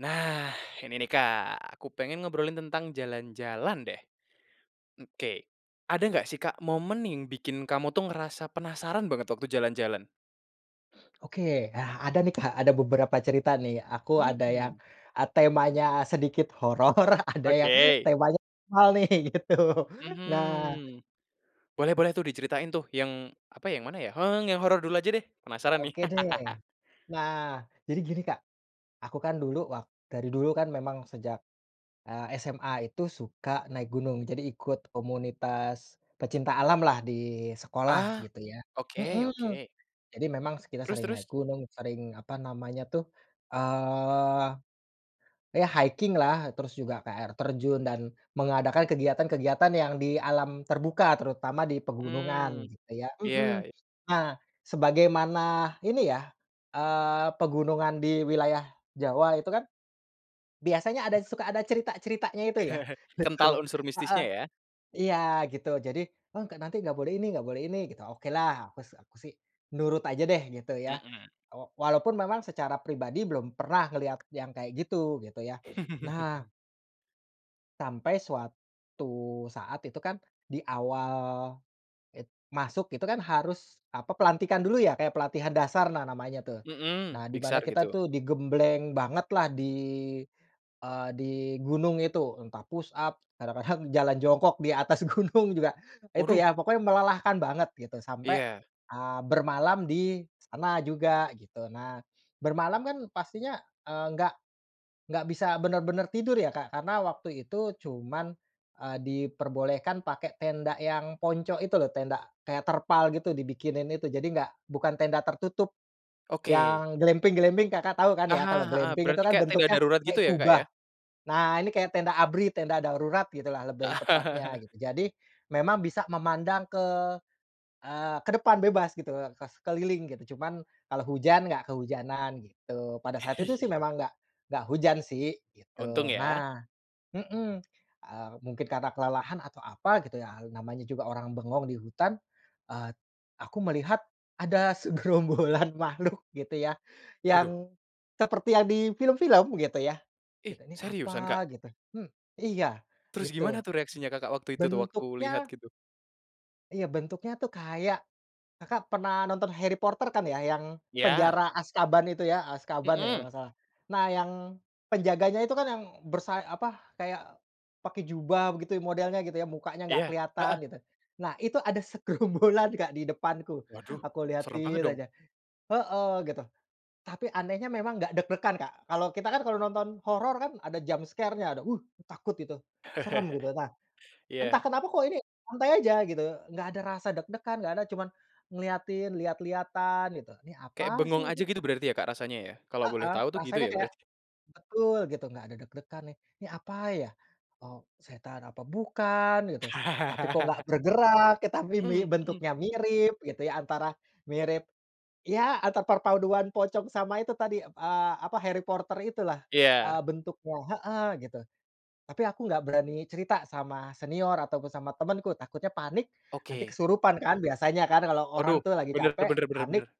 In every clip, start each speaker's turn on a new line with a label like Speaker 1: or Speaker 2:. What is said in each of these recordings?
Speaker 1: Nah, ini nih, Kak. Aku pengen ngobrolin tentang jalan-jalan, deh. Oke. Ada nggak sih, Kak, momen yang bikin kamu tuh, ngerasa penasaran banget, waktu jalan-jalan?
Speaker 2: Oke, ah. Ada nih Kak, ada beberapa cerita, nih. Aku ada yang,
Speaker 1: Mhm.
Speaker 2: eee, temanya sedikit horor, ada yang
Speaker 1: Oke.
Speaker 2: temanya normal, nih, gitu. Nah
Speaker 1: Mhm. Boleh boleh tuh, diceritain tuh, yang, apa ya, yang mana, ya. Heng, yang horor dulu aja, deh. Penasaran, nih.
Speaker 2: Oke, deh. Nah, jadi gini, Kak. Aku kan dulu wak dari dulu kan memang sejak, eee, SMA itu suka naik gunung. Jadi ikut komunitas pecinta alamlah, di sekolah,
Speaker 1: Ah!
Speaker 2: gitu ya.
Speaker 1: Oke
Speaker 2: Mhm.
Speaker 1: oke.
Speaker 2: Jadi memang s kita
Speaker 1: Terus
Speaker 2: sering
Speaker 1: terus?
Speaker 2: naik gunung, sering, apa namanya, tuh, eee, ya hiking-lah. Terus juga ke air terjun dan mengadakan kegiatan-kegiatan yang di alam terbuka, terutama di pegunungan,
Speaker 1: Mmm.
Speaker 2: gitu ya
Speaker 1: Ya
Speaker 2: mhm.
Speaker 1: y
Speaker 2: Nah, sebagaimana ini ya, eee, pegunungan di wilayah Jawa itu kan, biasanya ada, suka ada cerita-ceritanya itu, ya.
Speaker 1: Kental
Speaker 2: Betul.
Speaker 1: unsur
Speaker 2: Heeh.
Speaker 1: mistisnya, ya.
Speaker 2: Iya, gitu. Jadi, mmm, k nanti nggak boleh ini nggak boleh ini, gitu. Okelah, aku s aku sih, nurut aja deh, gitu ya.
Speaker 1: Mhm.
Speaker 2: Wa walaupun memang, secara pribadi belum pernah ngelihat yang kayak gitu, gitu ya. Nah sampai, suatu saat itu kan, di awal it masuk gitu kan, harus, apa, pelantikan dulu, ya, kayak pelatihan dasar, nah, namanya tuh. Nah,
Speaker 1: Mhm.
Speaker 2: di mana
Speaker 1: Diksar,
Speaker 2: kita
Speaker 1: gitu.
Speaker 2: tuh digembleng bangetlah, di, eee, di gunung itu. Entah push up, kadang-kadang jalan jongkok di atas gunung juga, itu
Speaker 1: Waduh!
Speaker 2: ya. Pokoknya melelahkan banget, gitu, sampai,
Speaker 1: Iya.
Speaker 2: eee, bermalam di sana juga, gitu. Nah, bermalam kan pastinya, eee, nggak nggak bisa benar-benar tidur ya, Kak. Karena waktu itu, cuman, eee, diperbolehkan pakai tenda yang ponco itu lho, tenda kayak terpal gitu, dibikinin itu, jadi nggak bukan tenda tertutup.
Speaker 1: Oke.
Speaker 2: Yang glamping-glamping Kakak tahu, kan
Speaker 1: Ah
Speaker 2: ya?
Speaker 1: hah,
Speaker 2: Kalau
Speaker 1: heeh.
Speaker 2: glamping itu
Speaker 1: Berarti
Speaker 2: kan
Speaker 1: kayak tenda
Speaker 2: bentuknya
Speaker 1: darurat
Speaker 2: kayak
Speaker 1: gitu, ya, Kak,
Speaker 2: kubah.
Speaker 1: ya?
Speaker 2: Nah, ini kayak tenda ABRI, tenda darurat, gitulah, lebih tepatnya, gitu. Jadi, memang bisa memandang ke, eee, ke depan bebas, gitu, ke sekeliling, gitu. Cuman, kalau hujan, nggak kehujanan, gitu. Pada saat itu, sih, memang nggak nggak hujan sih,
Speaker 1: Untung,
Speaker 2: gitu.
Speaker 1: ya.
Speaker 2: Nah, mhm. Eee, mungkin karena kelelahan atau apa, gitu ya, al namanya juga orang bengong di hutan, eee, aku melihat ada segerombolan makhluk, gitu ya,
Speaker 1: Waduh.
Speaker 2: yang seperti yang di film-film, gitu ya.
Speaker 1: Ih,
Speaker 2: Gitu. "Ni
Speaker 1: seriusan, Kak?
Speaker 2: apa?" Gitu. Hmm, iya,
Speaker 1: Terus gimana
Speaker 2: gitu.
Speaker 1: tuh, reaksinya Kakak waktu itu, tuh, waktu lihat,
Speaker 2: Bentuknya
Speaker 1: gitu?
Speaker 2: Iya, bentuknya tuh, kayak Kakak pernah nonton Harry Potter, kan ya, yang
Speaker 1: Ya.
Speaker 2: penjara Azkaban itu ya? Azkaban ya, kalau
Speaker 1: Mhm.
Speaker 2: nggak salah. Nah, yang penjaganya itu kan yang bersay apa, kayak pakai jubah, begitu ya, modelnya gitu ya, mukanya nggak
Speaker 1: Iya.
Speaker 2: kelihatan,
Speaker 1: Heeh.
Speaker 2: gitu. Nah, itu ada segerombolan, Kak, di depanku.
Speaker 1: Waduh,
Speaker 2: Aku
Speaker 1: serem
Speaker 2: liatin
Speaker 1: banget, dong.
Speaker 2: aja. Heeh, gitu. Tapi anehnya memang nggak deg-degan, Kak. Kalau kita kan, kalau nonton horor kan ada jump scare-nya, ada, "Wih!" takut, gitu. Serem gitu. Nah,
Speaker 1: Iya.
Speaker 2: entah kenapa, kok ini, santai aja, gitu. Nggak ada rasa deg-degan, nggak ada, cuman ngeliatin, lihat-lihatan, gitu. "Ini
Speaker 1: Kayak
Speaker 2: apa
Speaker 1: bengong
Speaker 2: sih,
Speaker 1: aja
Speaker 2: ini?"
Speaker 1: gitu, berarti ya, Kak, rasanya ya? Kalau boleh
Speaker 2: Heeh,
Speaker 1: tahu tuh, gitu
Speaker 2: rasanya
Speaker 1: ya,
Speaker 2: kayak
Speaker 1: berarti?
Speaker 2: betul, gitu, nggak ada deg-degan, nih, "Ini apa, ya? Oh, setan apa bukan?" Gitu, "Tapi, kok, nggak bergerak?" Eh, tapi mi
Speaker 1: Mhm mhm.
Speaker 2: bentuknya mirip, gitu ya antara mirip, ya atau perpaduan pocong sama itu tadi, eee, apa, Harry Potter, itulah. Eee,
Speaker 1: Iya.
Speaker 2: bentuknya heeh, gitu. Tapi, aku nggak berani cerita sama senior ataupun sama temanku, takutnya panik, nanti
Speaker 1: Oke.
Speaker 2: kesurupan kan, biasanya kan, kalau orang
Speaker 1: Waduh!
Speaker 2: tuh lagi
Speaker 1: Benar
Speaker 2: capek,
Speaker 1: benar benar
Speaker 2: panik,
Speaker 1: benar.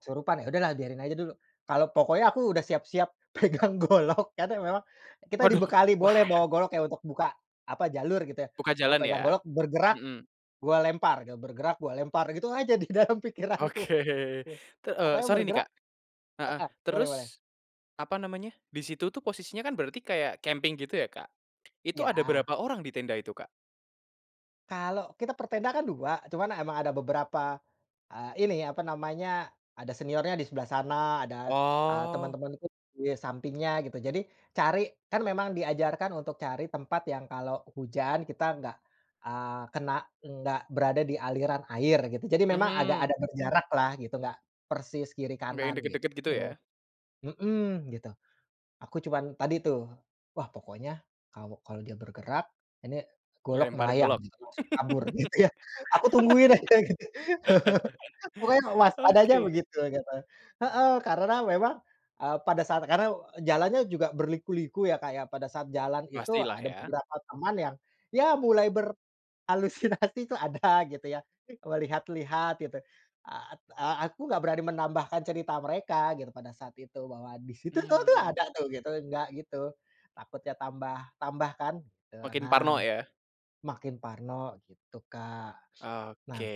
Speaker 2: kesurupan. Ya udahlah, biarin aja dulu. Kalau pokoknya aku udah siap-siap pegang golok, karena memang kita
Speaker 1: Waduh!
Speaker 2: dibekali,
Speaker 1: Wah,
Speaker 2: boleh bawa
Speaker 1: eh.
Speaker 2: golok kayak untuk buka, apa, jalur, gitu ya.
Speaker 1: Buka
Speaker 2: Pokoknya
Speaker 1: jalan,
Speaker 2: pegang
Speaker 1: ya.
Speaker 2: golok, "Bergerak,
Speaker 1: Mhm.
Speaker 2: gua lempar," gitu, "bergerak, gua lempar." Gitu aja, di dalam pikiranku.
Speaker 1: Oke.
Speaker 2: Gih.
Speaker 1: T eee,
Speaker 2: Pokoknya
Speaker 1: sori nih,
Speaker 2: bergerak
Speaker 1: Kak. Heeh.
Speaker 2: heeh, boleh boleh.
Speaker 1: Terus, apa namanya, di situ tuh posisinya, kan, berarti kayak camping gitu, ya, Kak? Itu ada
Speaker 2: Ya.
Speaker 1: berapa orang di tenda itu, Kak?
Speaker 2: Kalau kita per tenda kan 2, cuman emang ada beberapa, eee, ini, apa namanya, ada seniornya di sebelah sana, ada, eee,
Speaker 1: Oh.
Speaker 2: teman-temanku di sampingnya, gitu. Jadi, cari kan memang diajarkan untuk cari tempat, yang kalau hujan, kita nggak, eee, kena, enggak berada di aliran air, gitu. Jadi memang ada
Speaker 1: Mhm.
Speaker 2: agak berjaraklah, gitu. Nggak persis kiri
Speaker 1: Nggak yang
Speaker 2: kanan, gitu.
Speaker 1: dekat-dekat, gitu, ya.
Speaker 2: Mhm, gitu. Aku cuman, tadi tuh, "Wah, pokoknya, kalau kalau dia bergerak, ini golok
Speaker 1: Lempar
Speaker 2: melayang,"
Speaker 1: golok.
Speaker 2: gitu, "langsung kabur." Gitu, ya. Aku tungguin aja, gitu. Pokoknya waspada aja
Speaker 1: Oke.
Speaker 2: begitu, gitu. Heeh, karena memang, eee, pada saat karena, jalannya juga berliku-liku ya, Kak, ya. Pada saat jalan itu,
Speaker 1: Pastilah,
Speaker 2: ada
Speaker 1: ya.
Speaker 2: beberapa teman yang, ya mulai berhalusinasi tuh ada, gitu ya, melihat-lihat, gitu. Eee, at eee, aku nggak berani menambahkan cerita mereka, gitu, pada saat itu, bahwa, "Di situ lho, tuh
Speaker 1: Mmm.
Speaker 2: ada, tuh." Gitu, nggak gitu. Takutnya tambah-tambah, kan. Tu,
Speaker 1: Makin parno,
Speaker 2: nah.
Speaker 1: ya.
Speaker 2: Makin parno, gitu, Kak.
Speaker 1: Oke.
Speaker 2: Nah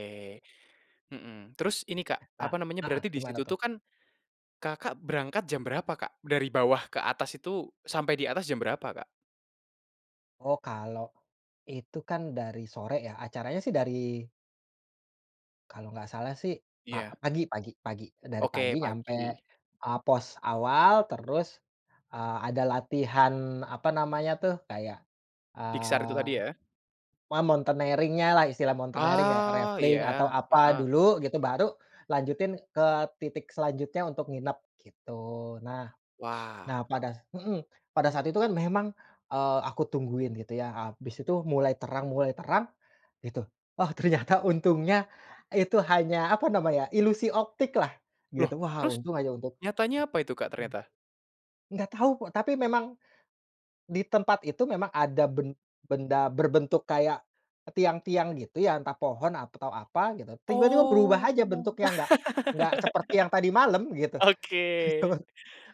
Speaker 1: Mhm. Terus, ini Kak.
Speaker 2: Nah,
Speaker 1: Apa namanya,
Speaker 2: heeh,
Speaker 1: berarti di
Speaker 2: gimana
Speaker 1: situ
Speaker 2: tuh?
Speaker 1: tuh kan, Kakak berangkat jam berapa, Kak? Dari bawah ke atas itu, sampai di atas jam berapa, Kak?
Speaker 2: Oh, kalau itu kan, dari sore, ya. Acaranya sih dari kalau nggak salah, sih, pa
Speaker 1: Iya.
Speaker 2: pagi pagi pagi, eee, dari
Speaker 1: Oke,
Speaker 2: pagi nyampe,
Speaker 1: pagi.
Speaker 2: eee, pos awal, terus, eee, ada latihan, apa namanya tuh, kayak,
Speaker 1: Diksar itu
Speaker 2: eee,
Speaker 1: tadi, ya.
Speaker 2: apa, mountaineering-nya lah, istilah mountaineering, kayak
Speaker 1: Oh,
Speaker 2: rappelling atau
Speaker 1: iya.
Speaker 2: apa
Speaker 1: Heeh.
Speaker 2: dulu, gitu, baru lanjutin ke titik selanjutnya untuk nginap, gitu. Nah.
Speaker 1: Wah.
Speaker 2: Nah, pada s mhm, pada saat itu kan memang, eee, aku tungguin, gitu ya, abis itu mulai terang mulai terang, gitu. Oh, ternyata, untungnya itu hanya, apa namanya ya, ilusi optiklah,
Speaker 1: Loh,
Speaker 2: gitu. Wah,
Speaker 1: terus?
Speaker 2: untung aja untuk
Speaker 1: Nyatanya apa, itu Kak, ternyata?
Speaker 2: nggak tahu, kok tapi memang, di tempat itu, memang ada ben benda berbentuk kayak tiang-tiang gitu, ya. Entah pohon atau apa, gitu. Tiba-tiba berubah
Speaker 1: Oh.
Speaker 2: aja bentuknya, nggak nggak seperti yang tadi malam, gitu. Betul.
Speaker 1: Oke,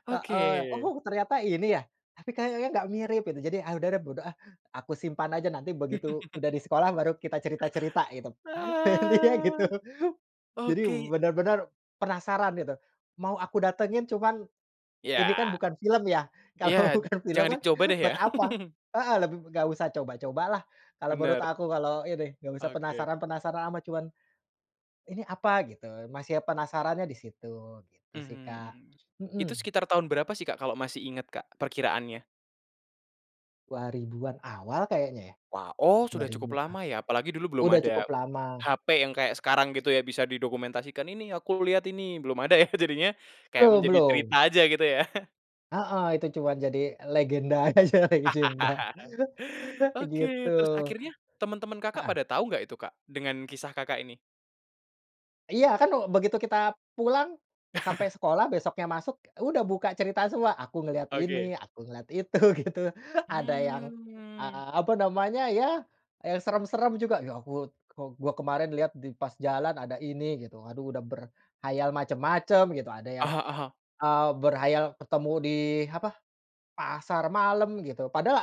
Speaker 1: oke.
Speaker 2: Heeh. "Oh, ternyata ini, ya. Tapi kayaknya nggak mirip." Gitu, jadi, "Ah, udah deh, bodo ah!" Aku simpan aja, nanti begitu udah di sekolah, baru kita cerita-cerita, gitu. Intinya gitu.
Speaker 1: Ah.
Speaker 2: Jadi,
Speaker 1: Oke.
Speaker 2: benar-benar penasaran, gitu. Mau aku datangin, cuman, ini kan
Speaker 1: Ya.
Speaker 2: bukan film, ya?
Speaker 1: Iya,
Speaker 2: Kalau bukan film
Speaker 1: jangan
Speaker 2: kan,
Speaker 1: dicoba deh, ya.
Speaker 2: buat apa? Heeh, lebih b nggak usah coba-cobalah, kalau menurut
Speaker 1: Benar.
Speaker 2: aku, kalau ini. Nggak usah
Speaker 1: Oke.
Speaker 2: penasaran-penasaran amat, cuman, "Ini apa?" Gitu. Masih penasarannya di situ. Gitu sih, Kak.
Speaker 1: Mmm. Itu
Speaker 2: Mhm.
Speaker 1: sekitar tahun berapa sih, Kak, kalau masih ingat, Kak, perkiraannya?
Speaker 2: 2000-an awal, kayaknya, ya.
Speaker 1: Wah, oh,
Speaker 2: dua
Speaker 1: sudah
Speaker 2: ribu
Speaker 1: cukup
Speaker 2: ah
Speaker 1: lama, ya. Apalagi dulu belum
Speaker 2: udah
Speaker 1: ada
Speaker 2: cukup lama.
Speaker 1: hape yang kayak sekarang, gitu ya, bisa didokumentasikan, "Ini, aku lihat ini." Belum ada, ya. Jadinya, kayak
Speaker 2: Belum
Speaker 1: menjadi cerita
Speaker 2: belum.
Speaker 1: aja, gitu ya.
Speaker 2: Heeh, itu cuman jadi legenda aja, legenda. Gitu.
Speaker 1: Oke. Terus akhirnya, teman-teman Kakak
Speaker 2: Heeh.
Speaker 1: pada tahu nggak, itu, Kak, dengan kisah Kakak ini?
Speaker 2: Iya kan, eee, begitu kita pulang, sampai sekolah besoknya masuk, udah buka cerita semua, aku ngelihat ini,
Speaker 1: Oke.
Speaker 2: aku ngelihat itu, gitu. Ada yang,
Speaker 1: Mmm.
Speaker 2: eee, apa namanya ya, eee, serem-serem juga. Ya aku, kok gua kemarin lihat di pas jalan ada ini gitu, aduh udah berkhayal macem-macem gitu, ada
Speaker 1: Ah
Speaker 2: yang,
Speaker 1: hah ah hah.
Speaker 2: eee, berkhayal ketemu di, apa, pasar malam gitu, padahal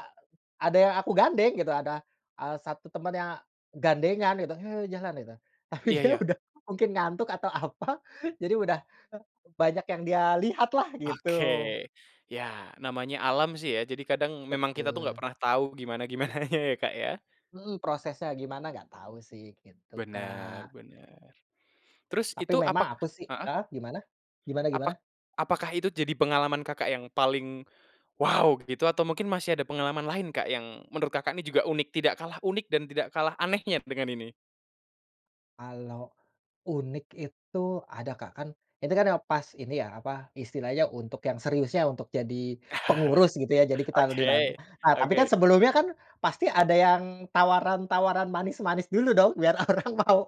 Speaker 2: ada yang aku gandeng gitu, ada, eee, 1 temen yang gandengan gitu, he, jalan gitu. Tapi
Speaker 1: Iya
Speaker 2: dia
Speaker 1: iya.
Speaker 2: udah mungkin ngantuk atau apa, jadi udah banyak yang dia lihatlah
Speaker 1: Oke.
Speaker 2: gitu.
Speaker 1: Ya namanya alam sih ya, jadi kadang memang kita tuh nggak
Speaker 2: Betul.
Speaker 1: pernah tahu gimana-gimananya ya, Kak, ya.
Speaker 2: Mhm. Prosesnya gimana, gak tahu sih, gitu
Speaker 1: Bener,
Speaker 2: Kak.
Speaker 1: bener. Terus
Speaker 2: Tapi
Speaker 1: itu
Speaker 2: memang
Speaker 1: apakah
Speaker 2: aku sih
Speaker 1: heeh?
Speaker 2: heeh, gimana? Gimana gimana?
Speaker 1: Apak apakah itu jadi pengalaman Kakak yang paling wow gitu atau mungkin masih ada pengalaman lain Kak, yang menurut Kakak nih juga unik, tidak kalah unik dan tidak kalah anehnya dengan ini?
Speaker 2: Kalau unik itu ada Kak. Kan itu kan yang pas ini ya, apa, istilahnya untuk yang seriusnya, untuk jadi pengurus gitu ya, jadi kita lebih lalu.
Speaker 1: Oke,
Speaker 2: Ah, tapi kan
Speaker 1: oke.
Speaker 2: sebelumnya kan pasti ada yang tawaran-tawaran manis-manis dulu dong, biar orang mau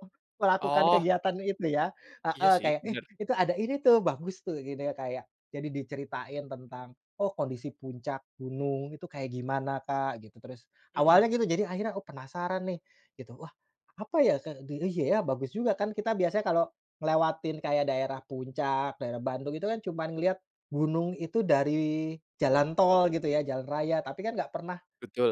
Speaker 2: melakukan
Speaker 1: Oh.
Speaker 2: kegiatan itu ya.
Speaker 1: Iya
Speaker 2: Heeh,
Speaker 1: sih,
Speaker 2: kayak, "Eh,
Speaker 1: bener.
Speaker 2: itu ada ini tuh, bagus tuh." Jadinya kayak, jadi diceritain tentang, oh kondisi puncak gunung itu kayak gimana Kak, gitu. Terus,
Speaker 1: Mhm.
Speaker 2: awalnya gitu jadi akhirnya, oh penasaran nih gitu, wah apa ya, kek di eh iya ya, bagus juga kan kita biasa kalau ngelewatin kayak daerah Puncak, daerah Bandung, itu kan cuman ngeliat gunung itu dari jalan tol gitu ya, jalan raya, tapi kan gak pernah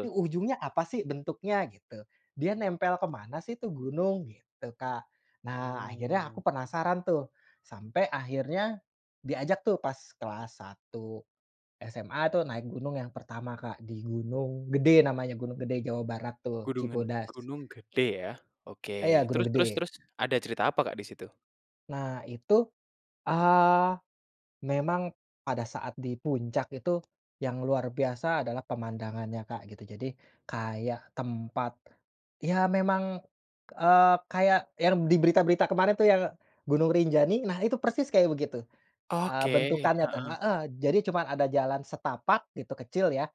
Speaker 2: nih ujungnya apa sih bentuknya gitu. Dia nempel ke mana sih tuh gunung, gitu Kak. Nah, akhirnya aku
Speaker 1: Mmm.
Speaker 2: penasaran tuh, sampai akhirnya diajak tuh pas kelas 1 SMA tuh naik gunung yang pertama Kak, di Gunung Gede namanya, Gunung Gede, Jawa Barat tuh,
Speaker 1: Gunungan,
Speaker 2: Cibodas.
Speaker 1: Gunung Gede ya?
Speaker 2: Eh ya,
Speaker 1: Oke.
Speaker 2: Gunung
Speaker 1: Terus terus
Speaker 2: Gede.
Speaker 1: terus, ada cerita apa Kak di situ?
Speaker 2: Nah, itu, eee, memang pada saat di puncak itu yang luar biasa adalah pemandangannya Kak gitu, jadi kayak tempat ya memang, eee, kayak yang di berita-berita kemarin tuh yang Gunung Rinjani, nah itu persis kayak begitu. Eee,
Speaker 1: Oke.
Speaker 2: bentukannya tuh
Speaker 1: Heeh.
Speaker 2: heeh, jadi cuman ada jalan setapak gitu, kecil ya,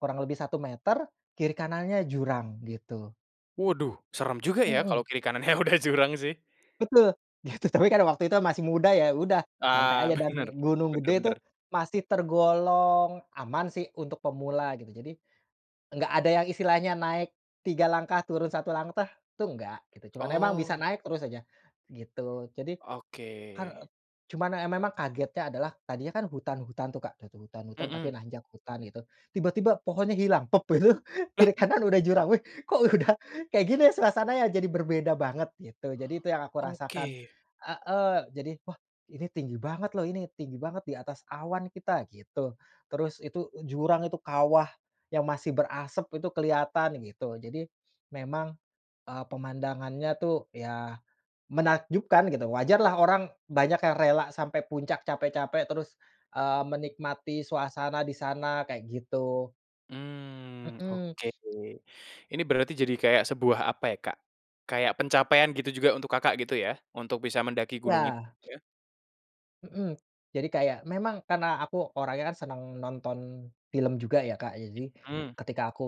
Speaker 2: kurang lebih 1 meter, kiri kanannya jurang, gitu.
Speaker 1: Waduh, seram juga ya kalau
Speaker 2: Mhm.
Speaker 1: kiri kanannya udah jurang sih.
Speaker 2: Betul. Ya itu tapi waktu itu masih muda, ya udah santai
Speaker 1: Ah,
Speaker 2: aja, dan
Speaker 1: bener.
Speaker 2: Gunung
Speaker 1: Bener
Speaker 2: Gede itu
Speaker 1: bener.
Speaker 2: masih tergolong aman sih untuk pemula gitu, jadi enggak ada yang istilahnya naik 3 langkah, turun 1 langkah, tuh enggak gitu, cuman emang bisa
Speaker 1: Oh.
Speaker 2: naik terus aja, gitu. Jadi,
Speaker 1: Oke.
Speaker 2: kar eee cuman emang kagetnya adalah tadinya kan hutan-hutan tuh Kak, dah tuh hutan-hutan, tapi
Speaker 1: Mhm.
Speaker 2: nanjak hutan itu, tiba-tiba pohonnya hilang, pop gitu,
Speaker 1: Lah?
Speaker 2: kiri kanan udah jurang, weh, kok udah kayak gini suasananya jadi berbeda banget, gitu. Jadi itu yang aku rasakan
Speaker 1: Oke.
Speaker 2: heeh, jadi, "Wah ini tinggi banget lho ini tinggi banget di atas awan kita," gitu. Terus itu jurang itu kawah yang masih berasep itu keliatan gitu, jadi memang, eee, pemandangannya tuh ya menakjubkan gitu. Wajarlah orang banyak yang rela sampai puncak, capek-capek, terus, eee, menikmati suasana di sana kayak gitu.
Speaker 1: Mhm,
Speaker 2: Mhm.
Speaker 1: oke. Ini berarti jadi kayak sebuah apa ya Kak? Kayak pencapaian gitu juga untuk Kakak gitu ya? Untuk bisa mendaki gunung itu
Speaker 2: Ya.
Speaker 1: ya?
Speaker 2: Mhm. Jadi kayak memang karena aku orangnya kan senang nonton film juga ya Kak, jadi
Speaker 1: It mhm.
Speaker 2: ketika aku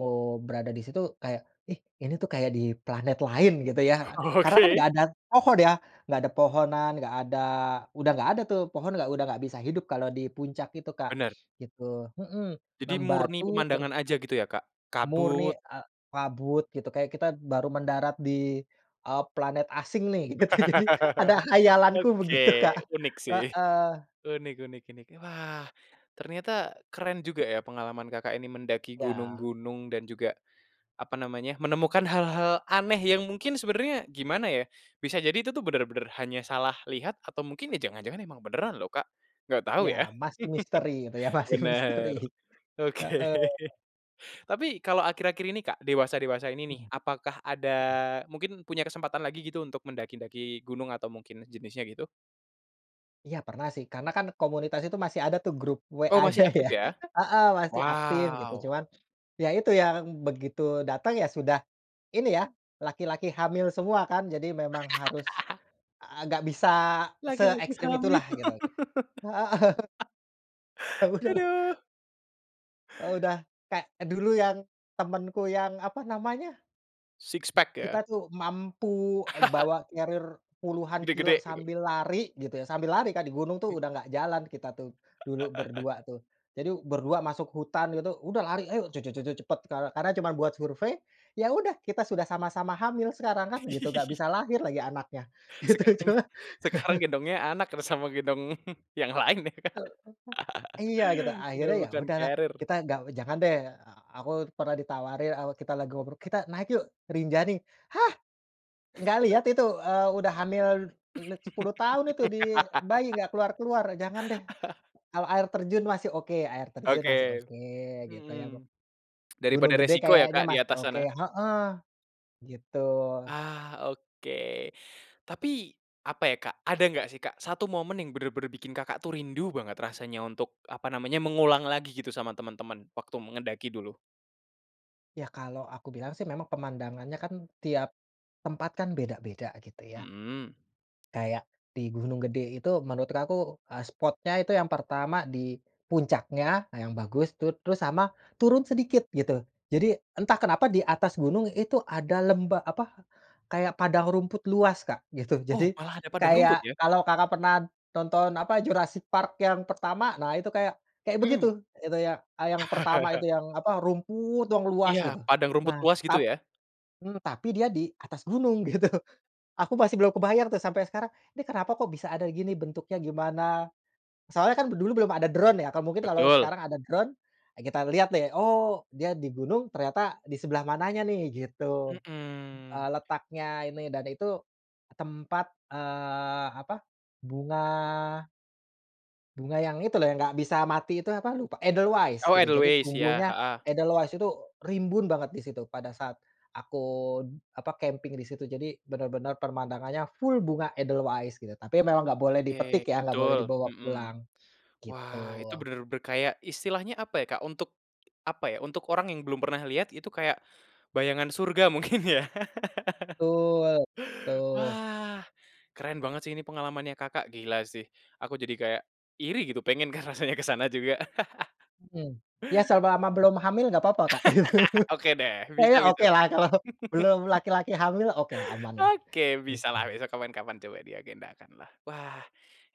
Speaker 2: berada di situ kayak, ih ini tuh kayak di planet lain gitu ya. Karena kan
Speaker 1: Oke.
Speaker 2: enggak ada pohon ya? Nggak ada pohonan, nggak ada, udah nggak ada tuh, pohon enggak, udah enggak bisa hidup kalau di puncak itu Kak,
Speaker 1: Bener.
Speaker 2: gitu. Mhm.
Speaker 1: Jadi murni
Speaker 2: membatu ter
Speaker 1: pemandangan aja gitu ya Kak? Kabut.
Speaker 2: Murni, eee, kabut gitu, kayak kita baru mendarat di, eee, planet asing nih gitu. Jadi ada khayalanku
Speaker 1: Oke.
Speaker 2: begitu Kak.
Speaker 1: Unik sih.
Speaker 2: Heeh.
Speaker 1: Unik unik unik. Wah, ternyata keren juga ya pengalaman Kakak ini mendaki
Speaker 2: Ya.
Speaker 1: gunung-gunung dan juga apa namanya, menemukan hal-hal aneh yang mungkin sebenernya gimana ya, bisa jadi itu tuh bener-bener hanya salah lihat atau mungkin ya jangan-jangan emang beneran loh Kak, nggak tahu
Speaker 2: Ya
Speaker 1: ya.
Speaker 2: masih misteri itu ya, masih misteri.
Speaker 1: Bener. Oke.
Speaker 2: Heeh.
Speaker 1: Tapi kalau akhir-akhir ini Kak, dewasa-dewasa ini nih,
Speaker 2: Mhm.
Speaker 1: apakah ada
Speaker 2: Mhm.
Speaker 1: mungkin punya kesempatan lagi gitu untuk mendaki-daki gunung atau mungkin jenisnya gitu?
Speaker 2: Iya pernah sih, karena kan komunitas itu masih ada tuh grup
Speaker 1: Oh masih
Speaker 2: WA-nya
Speaker 1: aktif
Speaker 2: ya.
Speaker 1: ya?
Speaker 2: Heeh, masih aktif gitu,
Speaker 1: Wow.
Speaker 2: cuman ya itu yang begitu datang ya sudah ini ya, laki-laki hamil semua kan, jadi memang harus, eee, gak bisa
Speaker 1: Laki-laki
Speaker 2: seekstrim
Speaker 1: hamil.
Speaker 2: itulah gitu kek heeh. Eee bener.
Speaker 1: Aduh.
Speaker 2: Eee, udah kayak dulu yang temenku yang, apa namanya?
Speaker 1: Six pack ya?
Speaker 2: Kita tuh mampu, eee, bawa carrier puluhan kilo
Speaker 1: Gede-gede gitu.
Speaker 2: sambil lari, gitu ya, sambil lari kan di gunung tuh
Speaker 1: Hai.
Speaker 2: udah gak jalan kita tuh, dulu berdua tuh. Jadi berdua masuk hutan gitu, udah lari ayo, je je je je cepet kare karena cuman buat survei, ya udah kita sudah sama-sama hamil sekarang kan gitu, gak bisa lahir lagi anaknya, gitu,
Speaker 1: Sekarang,
Speaker 2: cuman
Speaker 1: sekarang gendongnya anak, keres sama gendong yang lain ya Kak?
Speaker 2: Heeh, iya gitu.
Speaker 1: Udah
Speaker 2: Akhirnya ya
Speaker 1: bukan
Speaker 2: udahlah,
Speaker 1: carrier.
Speaker 2: kita gak jangan deh, eee aku pernah ditawari, eee, kita lagi ngobrol, "Kita naik yuk, Rinjani." Hah? Nggak lihat itu, eee, udah hamil let 10 tahun itu di bayi, nggak keluar-keluar, jangan deh. Kalo air terjun masih oke air terjun masih
Speaker 1: Oke.
Speaker 2: oke, gitu ya me
Speaker 1: Mhm. Daripada
Speaker 2: Gunung Gede
Speaker 1: resiko ya
Speaker 2: kayaknya
Speaker 1: Kak di
Speaker 2: masih
Speaker 1: atas
Speaker 2: oke
Speaker 1: sana?
Speaker 2: heeh. Gitu.
Speaker 1: Ah, oke. Tapi apa ya Kak, ada nggak sih Kak, satu momen yang bener-bener bikin Kakak tuh rindu banget rasanya untuk, apa namanya, mengulang lagi gitu sama temen-temen waktu me ngendaki dulu?
Speaker 2: Ya kalau aku bilang sih memang pemandangannya kan tiap tempat kan beda-beda gitu ya.
Speaker 1: Mhm.
Speaker 2: Kayak di Gunung Gede itu menurut kaku, eee, spotnya itu yang pertama di puncaknya yang bagus tuh, terus sama turun sedikit gitu, jadi entah kenapa di atas gunung itu ada lemba apa kayak padang rumput luas Kak, gitu.
Speaker 1: Oh,
Speaker 2: Jadi
Speaker 1: malah ada padang rumput
Speaker 2: kayak
Speaker 1: ya?
Speaker 2: kalau Kakak pernah tonton apa, Jurassic Park yang pertama, nah itu kayak kayak
Speaker 1: Mhm.
Speaker 2: begitu, itu yang, eee, yang pertama itu yang apa, rumput yang luas
Speaker 1: Iya.
Speaker 2: gitu.
Speaker 1: Padang rumput
Speaker 2: Nah,
Speaker 1: luas, gitu
Speaker 2: tap
Speaker 1: ya?
Speaker 2: mmm, tapi dia di atas gunung gitu. Aku masih belum kebayang tuh sampai sekarang, '"Nih kenapa kok bisa ada gini bentuknya, gimana?" Soalnya kan d dulu belum ada drone ya, kalau mungkin kalau
Speaker 1: Betul.
Speaker 2: sekarang ada drone, eee, kita lihat deh, oh dia di gunung ternyata di sebelah mananya nih gitu.
Speaker 1: Mhm.
Speaker 2: Eee, letaknya ini dan itu tempat, eee, apa, bunga bunga yang itu loh, yang nggak bisa mati itu apa lupa, edelweiss
Speaker 1: Oh
Speaker 2: gitu, jadi
Speaker 1: edelweiss. Iya,
Speaker 2: tumbuhnya
Speaker 1: heeh.
Speaker 2: edelweiss itu rimbun banget di situ pada saat aku, apa camping di situ jadi bener-bener pemandangannya full bunga edelweiss gitu, tapi memang nggak boleh dipetik
Speaker 1: Ke,
Speaker 2: ya, nggak boleh
Speaker 1: betul.
Speaker 2: dibawa
Speaker 1: Mhm.
Speaker 2: pulang, gitu.
Speaker 1: Wah itu bener-bener kayak istilahnya apa ya Kak, untuk apa ya, untuk orang yang belum pernah lihat, itu kayak bayangan surga mungkin ya?
Speaker 2: Tul tuh.
Speaker 1: Wah keren banget sih ini pengalamannya Kakak. Gila sih. Aku jadi kayak iri gitu pengen kan rasanya ke sana juga.
Speaker 2: Mhm. Ya selama belum hamil gak papa Kak, gitu.
Speaker 1: Oke deh. Bisa
Speaker 2: Saya
Speaker 1: bisa.
Speaker 2: okelah kalau belum laki-laki hamil, okelah, amanlah,
Speaker 1: Oke,
Speaker 2: gitu.
Speaker 1: bisalah besok kapan-kapan coba diagendakanlah. Wah,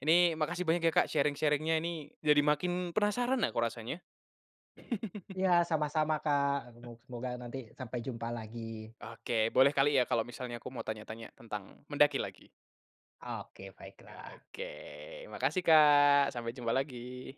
Speaker 1: ini makasih banyak ya Kak sharing-sharing-nya ini, jadi makin penasaran aku rasanya.
Speaker 2: Iya sama-sama Kak, aku mau semoga nanti sampai jumpa lagi.
Speaker 1: Oke. Boleh kali ya kalau misalnya aku mau tanya-tanya tentang mendaki lagi.
Speaker 2: Oke
Speaker 1: Ya
Speaker 2: baiklah.
Speaker 1: oke. Makasih Kak, sampai jumpa lagi.